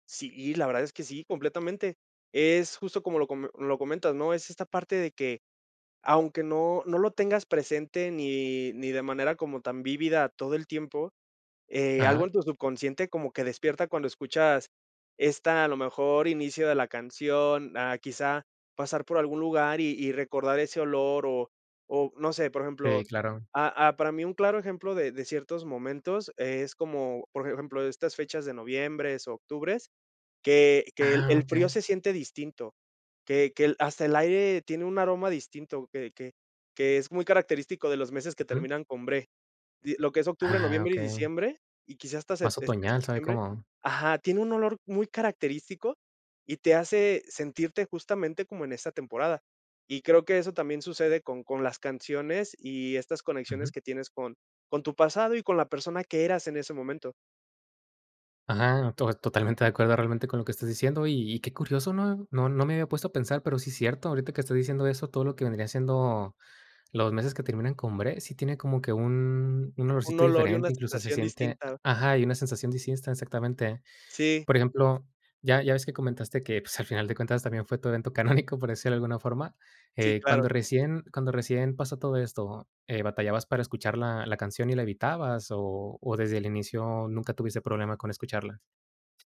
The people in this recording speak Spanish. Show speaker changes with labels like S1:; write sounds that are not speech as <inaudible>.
S1: Sí, la verdad es que sí, completamente. Es justo como lo come lo comentas, ¿no? Es esta parte de que aunque no no lo tengas presente ni ni de manera como tan vívida todo el tiempo, eh, algo
S2: Ajá.
S1: en tu subconsciente como que despierta cuando escuchas esta, a lo mejor, inicio de la canción, ah, quizá pasar por algún lugar y y recordar ese olor o o, no sé, por
S2: Sí,
S1: ejemplo,
S2: claro.
S1: ah, ah, para mí un claro ejemplo de de ciertos momentos es como, por ejemplo, de estas fechas de noviembres, octubres, que que el
S2: Ah,
S1: el frío
S2: okey.
S1: se siente distinto, que que el hasta el aire tiene un aroma distinto, que que que es muy característico de los meses que
S2: Ujú.
S1: terminan con bre. Y lo que es octubre,
S2: Ah,
S1: noviembre y
S2: okey.
S1: diciembre, y quizá hasta sep
S2: Más
S1: este,
S2: otoñal, sabe
S1: septiembre
S2: como
S1: ajá, tiene un olor muy característico y te hace sentirte justamente como en esa temporada. Y creo que eso también sucede con con las canciones y estas
S2: Ujú.
S1: conexiones que tienes con con tu pasado y con la persona que eras en ese momento.
S2: Ajá, to totalmente de acuerdo realmente con lo que estás diciendo. Y y qué curioso, ¿no? No no me había puesto a pensar, pero sí cierto, ahorita que estás diciendo eso, todo lo que vendría siendo los meses que terminan con bre, sí tiene como que un un
S1: Un
S2: olorcito
S1: olor y
S2: diferente,
S1: una
S2: incluso se
S1: sensación
S2: siente
S1: distinta.
S2: a ajá, y una sensación distinta, exactamente.
S1: Sí.
S2: Por ejemplo, ya ya ves que comentaste que, pues, al final de cuentas, también fue tu evento <chuckles> canónico, por decirlo de alguna forma.
S1: Sí,
S2: Eh,
S1: claro.
S2: cuando recién cuando recién pasó todo esto, eh, ¿batallabas para escuchar la la canción y la evitabas o o desde el inicio nunca tuviste problema con escucharla?